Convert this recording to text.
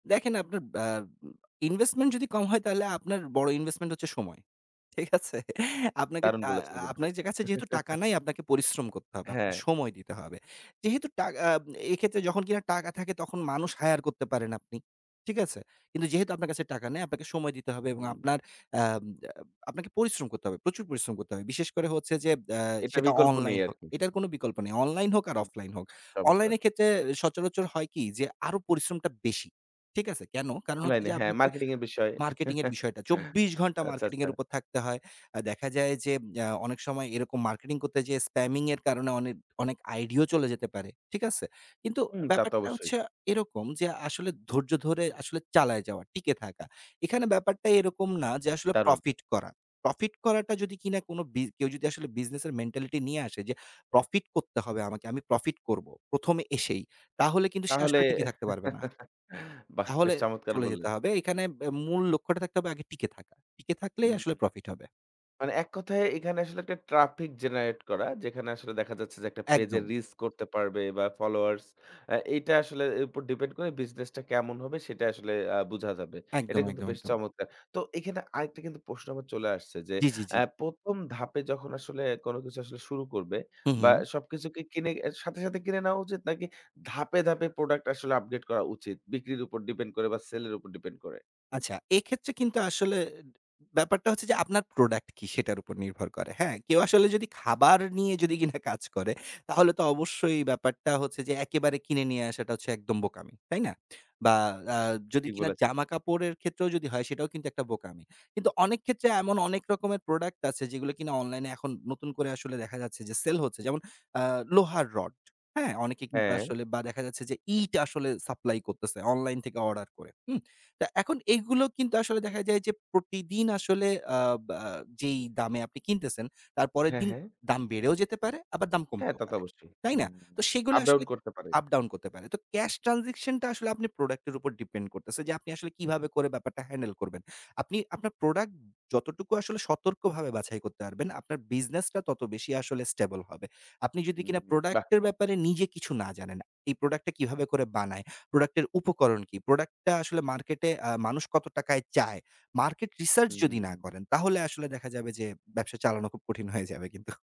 দেখেন আপনার আ ইনভেস্টমেন্ট যদি কম হয় তাহলে আপনার বড় ইনভেস্টমেন্ট হচ্ছে সময়। ঠিক আছে? আপনাকে দারুণ টা বলেছেন কিন্তু। আপনার কাছে যেহেতু টাকা নেই আপনাকে পরিশ্রম করতে হবে, আপনার হ্যাঁ। সময় দিতে হবে। যেহেতু টা এক্ষেত্রে যখন কিনা টাকা থাকে তখন মানুষ হায়ার করতে পারেন আপনি। ঠিক আছে? কিন্তু যেহেতু আপনার কাছে টাকা নেই আপনাকে সময় দিতে হবে এবং হুম। আপনার আ আপনাকে পরিশ্রম করতে হবে। প্রচুর পরিশ্রম করতে হবে। বিশেষ করে হচ্ছে যে আ এটা সেটা বিকল্প নেই অনলাইন হোক। আরকি। এটার কোন বিকল্প নেই। অনলাইন হোক আর হুম। অফলাইন হোক। অনলাইন চমৎকার। এর ক্ষেত্রে সচরাচর হয় কি যে আরো পরিশ্রমটা বেশি। ঠিক আছে? কেন? কারণ হচ্ছে অনলাইনে। যে হ্যাঁ, মার্কেটিং এর বিষয়। মার্কেটিং এর বিষয়টা। চব্বিশ ঘন্টা আচ্ছা, মার্কেটিং আচ্ছা। এর উপর থাকতে হয়। আ দেখা যায় যে আ অনেক সময় এরকম মার্কেটিং করতে যেয়ে স্প্যামিং এর কারণে অনেক অনেক আইডিইএও চলে যেতে পারে। ঠিক আছে? কিন্তু হুম তা তো ব্যাপারটা অবশ্যই। হচ্ছে এরকম যে আসলে ধৈর্য ধরে আসলে চালায় যাওয়া, টিকে থাকা। এখানে ব্যাপারটা এরকম না যে, আসলে দারুণ। প্রফিট করা। প্রফিট করাটা যদি কিনা কোন বিজ কেউ যদি আসলে বিজনেস এর মেন্টালিটি নিয়ে আসে যে প্রফিট করতে হবে আমাকে। আমি প্রফিট করব। প্রথমে এসেই। তাহলে কিন্তু সে তাহলে। আসলে টিকে থাকতে পারবে না। বাহ! বেশ তাহলে চমৎকার চলে যেতে বললেন। হবে। এখানে মূল লক্ষ্যটা থাকতে হবে আগে টিকে থাকা। টিকে থাকলেই আসলে হুম। প্রফিট হবে। মানে এক কথায় এখানে আসলে একটা ট্রাফিক জেনারেট করা। যেখানে আসলে দেখা যাচ্ছে যে, একটা পেইজে একদম। রিচ করতে পারবে বা ফলোয়ার্স এইটা আসলে এর উপর ডিপেন্ড করে বিজনেস টা কেমন হবে সেটা আসলে আ বুঝা যাবে। এটা একদম, কিন্তু একদম, বেশ একদম। চমৎকার। তো এখানে আরেকটা কিন্তু প্রশ্ন আমার চলে আসছে যে, জ্বী জ্বী আ জ্বী। প্রথম আ ধাপে যখন আসলে কোন কিছু আসলে শুরু করবে হুম, বা হুম। সবকিছুকে কিনে সাথে সাথে কিনে নেওয়া উচিত? নাকি ধাপে ধাপে প্রোডাক্ট আসলে আপডেট করা উচিত? বিক্রির উপর ডিপেন্ড করে বা সেল এর উপর ডিপেন্ড করে? আচ্ছা, এক্ষেত্রে কিন্তু আসলে ব্যাপারটা হচ্ছে যে আপনার প্রোডাক্ট কি সেটার উপর নির্ভর করে। হ্যাঁ? কেউ আসলে যদি খাবার নিয়ে কিনা কাজ করে, তাহলে তো অবশ্যই ব্যাপারটা হচ্ছে যে একেবারে কিনে নিয়ে আসাটা হচ্ছে একদম বোকামি। তাই না? বা আ যদি ঠিক কিনা বলেছেন। জামাকাপড়ের ক্ষেত্রেও যদি হয় সেটাও কিন্তু একটা বোকামি। কিন্তু অনেক ক্ষেত্রে এমন অনেক রকমের প্রোডাক্ট আছে যেগুলো কিনা অনলাইনে এখন নতুন করে আসলে দেখা যাচ্ছে যেমন আ লোহার রড, হ্যাঁ? অনেকে কিন্তু হ্যাঁ। আসলে বা দেখা যাচ্ছে যে ইট আসলে সাপ্লাই করতেছে অনলাইন থেকে অর্ডার করে, হুম? তো এখন এগুলো কিন্তু আসলে দেখা যায় যে প্রতিদিন আসলে আ বা যেই দামে আপনি কিনতেছেন, তার পরের হ্যাঁ, দিন হ্যাঁ। দাম বেড়েও যেতে পারে, আবার দাম হ্যাঁ, কমতেও তা তো পারে। অবশ্যই। তাই না? তো সেগুলো আপ ডাউন আসলে করতে পারেন। আপ ডাউন করতে পারে। তো ক্যাশ ট্রান্সেকশন টা আসলে আপনি প্রোডাক্ট এর উপর ডিপেন্ড করতেছে। যে আপনি আসলে কিভাবে করে ব্যাপারটা হ্যান্ডেল করবেন। আপনি আপনার প্রোডাক্ট যতটুকু আসলে সতর্কভাবে বাছাই করতে পারবেন, আপনার বিজনেসটা তত বেশি আসলে স্টেবল হবে। আপনি যদি হুম, কিনা বাহ! প্রোডাক্ট এর ব্যাপারে নিজে কিছু না জানেন। এই প্রোডাক্ট টা কিভাবে করে বানায়, প্রোডাক্টের উপকরণ কী? প্রোডাক্ট টা আসলে মার্কেটে আ মানুষ কত টাকায় চায়? মার্কেট রিসার্চ হু, যদি না হু। করেন, তাহলে আসলে দেখা যাবে যে ব্যবসা চালানো খুব কঠিন হয়ে যাবে কিন্তু।